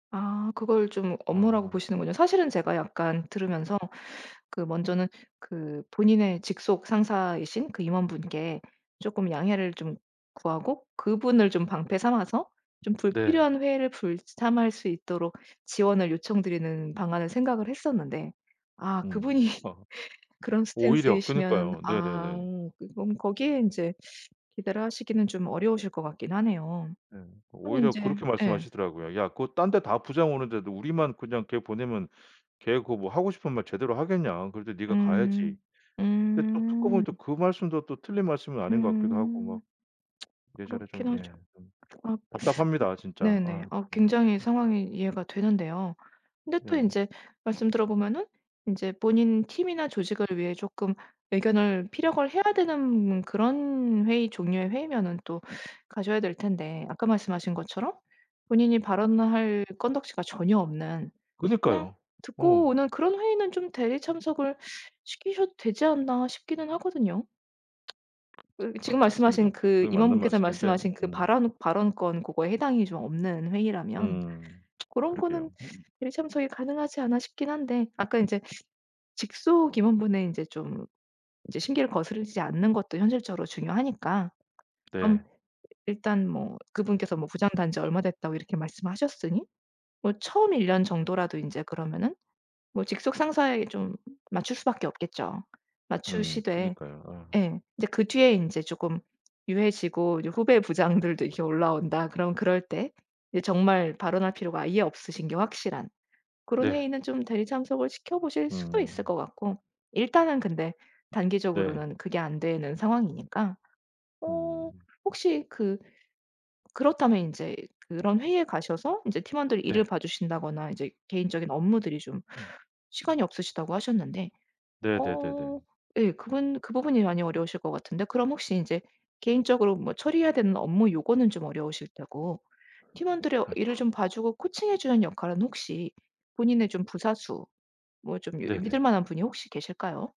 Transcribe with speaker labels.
Speaker 1: 아 그걸 좀 업무라고
Speaker 2: 아.
Speaker 1: 보시는군요. 사실은 제가 약간 들으면서 그 먼저는 그 본인의 직속 상사이신 그 임원분께 쪼끔 양해를 좀 구하고 그분을 좀 방패 삼아서 좀
Speaker 2: 네.
Speaker 1: 불필요한 회의를 불참할 수 있도록 지원을 요청드리는 방안을 생각을 했었는데 아
Speaker 2: 음.
Speaker 1: 그분이
Speaker 2: 아.
Speaker 1: 그런
Speaker 2: 오히려
Speaker 1: 스탠스이시면은
Speaker 2: 그니까요.
Speaker 1: 아
Speaker 2: 네네네.
Speaker 1: 그럼 거기에 인제 기대를 하시기는 좀 어려우실 것 같긴 하네요.
Speaker 2: 네
Speaker 1: 그럼
Speaker 2: 오히려
Speaker 1: 인제
Speaker 2: 그렇게
Speaker 1: 예.
Speaker 2: 말씀하시더라고요. "야 그거 딴 데 다 부장 오는데도 우리만 그냥 걔 보내면 걔 그 뭐 하고 싶은 말 제대로 하겠냐. 그럴 때 네가 가야지."
Speaker 1: 음.
Speaker 2: 근데 또 듣고 보니
Speaker 1: 음.
Speaker 2: 또 그 말씀도 또 틀린 말씀은 아닌 것 같기도 하고
Speaker 1: 음.
Speaker 2: 막 이래저래 좀
Speaker 1: 그렇긴 하죠.
Speaker 2: 예 좀
Speaker 1: 아
Speaker 2: 답답합니다
Speaker 1: 그
Speaker 2: 진짜.
Speaker 1: 네네.
Speaker 2: 아
Speaker 1: 아
Speaker 2: 좀.
Speaker 1: 굉장히 상황이 이해가 되는데요. 근데 또
Speaker 2: 네.
Speaker 1: 인제 말씀 들어보면은 인제 본인 팀이나 조직을 위해 쪼끔 의견을 피력을 해야 되는 그런 회의 종류의 회의면은 또 가셔야 될 텐데 아까 말씀하신 것처럼 본인이 발언을 할 건덕지가 전혀 없는 그냥
Speaker 2: 그니까요.
Speaker 1: 듣고
Speaker 2: 어.
Speaker 1: 오는 그런 회의는 좀 대리 참석을 시키셔도 되지 않나 싶기는 하거든요. 그
Speaker 2: 아
Speaker 1: 지금
Speaker 2: 맞습니다.
Speaker 1: 말씀하신
Speaker 2: 그
Speaker 1: 그
Speaker 2: 그게 맞는
Speaker 1: 임원분께서
Speaker 2: 말씀인데
Speaker 1: 말씀하신 그
Speaker 2: 음.
Speaker 1: 발안 발언권 고거에 해당이 좀 없는 회의라면
Speaker 2: 음
Speaker 1: 고런 거는
Speaker 2: 그러게요.
Speaker 1: 대리 참석이 가능하지 않아 싶긴 한데 아까 인제 직속 임원분의 인제 좀 인제 심기를 거스르지 않는 것도 현실적으로 중요하니까
Speaker 2: 네.
Speaker 1: 그럼 일단 뭐 그분께서 뭐 부장 단 지 얼마 됐다고 이렇게 말씀하셨으니 뭐 처음 1 년 정도라도 인제 그러면은 뭐 직속 상사에게 좀 맞출 수밖에 없겠죠.
Speaker 2: 음
Speaker 1: 맞추시되
Speaker 2: 그니까요. 아.
Speaker 1: 예. 이제 그 뒤에 인제 쪼끔 유해지고 이제 후배 부장들도 이렇게 올라온다 그럼 그럴 때 이제 정말 발언할 필요가 아예 없으신 게 확실한 그런
Speaker 2: 네.
Speaker 1: 회의는 좀 대리 참석을 시켜 보실 수도 있을
Speaker 2: 음.
Speaker 1: 것 같고. 일단은 근데
Speaker 2: 네.
Speaker 1: 단기적으로는 그게 안 되는 상황이니까. 어
Speaker 2: 음.
Speaker 1: 혹시 그 그렇다면 인제 그런 회의에 가셔서 인제 팀원들이 일을
Speaker 2: 네.
Speaker 1: 봐 주신다거나 이제 개인적인 업무들이 좀 시간이 없으시다고 하셨는데 어
Speaker 2: 네네네네.
Speaker 1: 예 그분 그 부분이 많이 어려우실 것 같은데 그럼 혹시 인제 개인적으로 뭐 처리해야 되는 업무 요거는 좀 어려우실 테고 팀원들의 일을
Speaker 2: 아이코.
Speaker 1: 좀 봐 주고 코칭해 주는 역할은 혹시 본인의 좀 부사수 뭐 좀 이 믿을
Speaker 2: 네네.
Speaker 1: 만한 분이 혹시 계실까요?